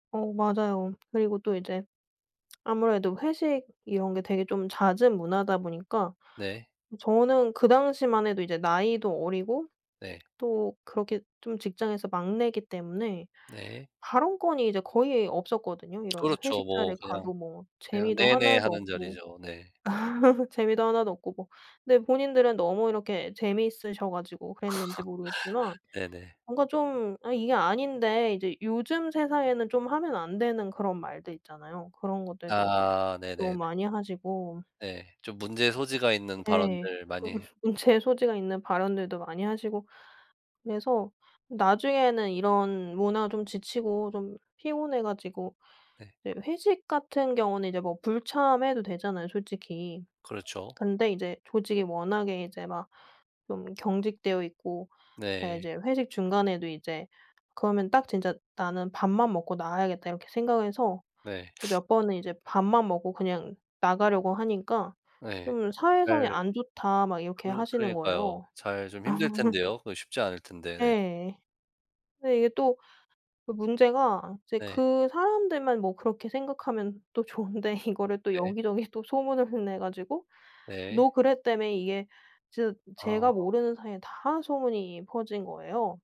어 맞아요. 그리고 또 이제 아무래도 회식 이런 게 되게 좀 잦은 문화다 보니까 네. 저는 그 당시만 해도 이제 나이도 어리고 네. 또 그렇게 좀 직장에서 막내기 때문에 네. 발언권이 이제 거의 없었거든요. 이런 그렇죠. 회식 뭐 자리에 그냥 가도 뭐 그냥 재미도 하나도 "네네."하는 없고 자리죠. 네. 재미도 하나도 없고 뭐 근데 본인들은 너무 이렇게 재미있으셔 가지고 그랬는지 모르겠지만 네네. 뭔가 좀 '아 이게 아닌데.' 이제 요즘 세상에는 좀 하면 안 되는 그런 말들 있잖아요. 그런 것들도 아. 너무 네네네. 많이 하시고 네. 좀 문제의 소지가 있는 네. 발언들 좀 많이 문제의 소지가 있는 발언들도 많이 하시고 그래서 나중에는 이런 문화 좀 지치고 좀 피곤해 가지고 네. 이제 회식 같은 경우는 이제 뭐 불참해도 되잖아요 솔직히. 그렇죠. 근데 이제 조직이 워낙에 이제 막 좀 경직되어 있고 네 네. 이제 회식 중간에도 이제 그러면 딱 진짜 '나는 밥만 먹고 나와야겠다.' 이렇게 생각을 해서 네. 몇 번은 이제 밥만 먹고 그냥 나가려고 하니까 네. 좀 그 "사회성이 잘 안 좋다." 막 이렇게 그르 하시는 그러니까요. 거예요. 잘 좀 아. 힘들 텐데요? 그 쉽지 않을 텐데 네. 예. 근데 이게 또 그 문제가 이제 네. 그 사람들만 뭐 그렇게 생각하면 또 좋은데 이거를 또 네. 여기 저기 또 소문을 내 가지고 네. "너 그랬다며." 이게 진짜 제가 아. 모르는 사이에 다 소문이 퍼진 거예요.